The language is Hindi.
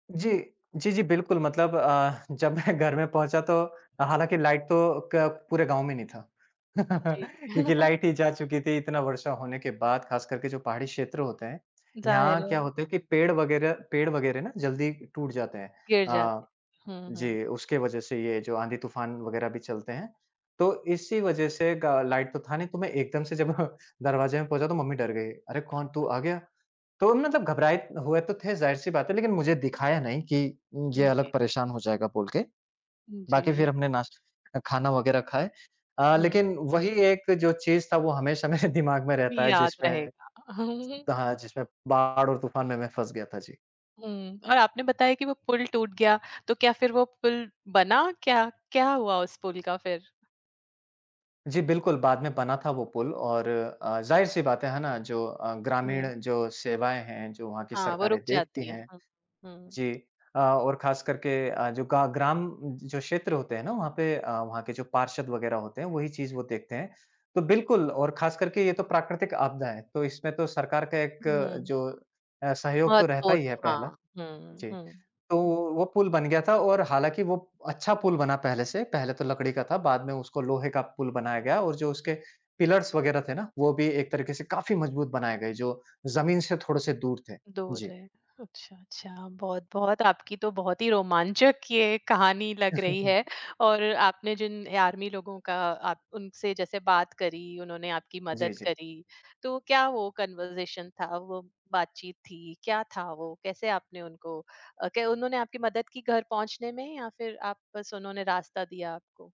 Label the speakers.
Speaker 1: जी। जी, जी, बिल्कुल, मतलब अ, जब मैं घर में पहुँचा, तो हालाँकि लाइट तो क पूरे गाँव में नहीं था।
Speaker 2: जी।
Speaker 1: क्योंकि लाइट ही जा चुकी थी, इतना वर्षा होने के बाद। खासकर के जो पहाड़ी क्षेत्र होते हैं,
Speaker 2: ज़ाहिर
Speaker 1: यहाँ
Speaker 2: है।
Speaker 1: क्या होते हैं कि पेड़ वगैरह पेड़ वगैरह ना जल्दी टूट जाते हैं।
Speaker 2: गिर जाते।
Speaker 1: अ,
Speaker 2: हुँ, हुँ।
Speaker 1: जी, उसके वजह से ये जो आंधी-तूफ़ान वगैरह भी चलते हैं, तो इसी वजह से गा लाइट तो था नहीं, तो मैं एकदम से जब दरवाज़े में पहुँचा, तो मम्मी डर गईं। "अरे! कौन? तू आ गया?" तो मतलब घबराए हुए तो थे, ज़ाहिर-सी बात है, लेकिन मुझे दिखाया नहीं कि उम,
Speaker 2: उ,
Speaker 1: ये अलग
Speaker 2: जी।
Speaker 1: परेशान हो जाएगा, बोल के। बाकी
Speaker 2: जी।
Speaker 1: फिर हमने नाश अ, खाना वग़ैरह खाए। अ,
Speaker 2: हुँ।
Speaker 1: लेकिन वही एक जो चीज़ था, वो हमेशा मेरे दिमाग में रहता है,
Speaker 2: याद
Speaker 1: जिसमें
Speaker 2: रहेगा।
Speaker 1: हाँ, जिसमें बाढ़ और तूफान में मैं फँस गया था। जी।
Speaker 2: हुँ, और आपने बताया कि वो पुल टूट गया, तो क्या फिर वो पुल बना क्या? क्या हुआ उस पुल का, फिर?
Speaker 1: जी, बिल्कुल, बाद में बना था वो पुल, और अ, ज़ाहिर-सी बात है, है ना? जो अ, ग्रामीण
Speaker 2: हुँ।
Speaker 1: जो सेवाएँ हैं, जो वहाँ की
Speaker 2: हाँ, वो
Speaker 1: सरकारें
Speaker 2: रुक
Speaker 1: देखती
Speaker 2: जाती है।
Speaker 1: हैं।
Speaker 2: हाँ, हुँ।
Speaker 1: जी अ, और खासकर के अ, जो गा ग्राम, जो क्षेत्र होते हैं ना, वहाँ पे अ, वहाँ के जो पार्षद वगैरह होते हैं, वही चीज़ वो देखते हैं। तो बिल्कुल, और ख़ासकर के ये तो प्राकृतिक आपदा है, तो इसमें तो सरकार का एक
Speaker 2: हुँ।
Speaker 1: जो अ, सहयोग तो रहता
Speaker 2: महत्वपूर्ण
Speaker 1: ही है, पहला
Speaker 2: हाँ, हुँ,
Speaker 1: जी।
Speaker 2: हुँ।
Speaker 1: तो वो पुल बन गया था, और हालाँकि वो अच्छा पुल बना पहले से, पहले तो लकड़ी का था, बाद में उसको लोहे का पुल बनाया गया और जो उसके पिलर्स वगैरह थे ना, वो भी एक तरीके से काफ़ी मज़बूत बनाए गए, जो ज़मीन से थोड़े-से दूर थे।
Speaker 2: दूर
Speaker 1: जी।
Speaker 2: रहे, अच्छा, अच्छा। बहुत-बहुत, आपकी तो बहुत ही रोमांचक ये कहानी लग रही है, और आपने जिन आर्मी लोगों का आप उनसे जैसे बात करी, उन्होंने आपकी
Speaker 1: जी,
Speaker 2: मदद
Speaker 1: जी।
Speaker 2: करी, तो क्या वो कन्वर्ज़ेशन था, वो बातचीत थी, क्या था वो? कैसे आपने उनको अ, क्या उन्होंने आपकी मदद की घर पहुँचने में, या फिर आप बस उन्होंने रास्ता दिया आपको?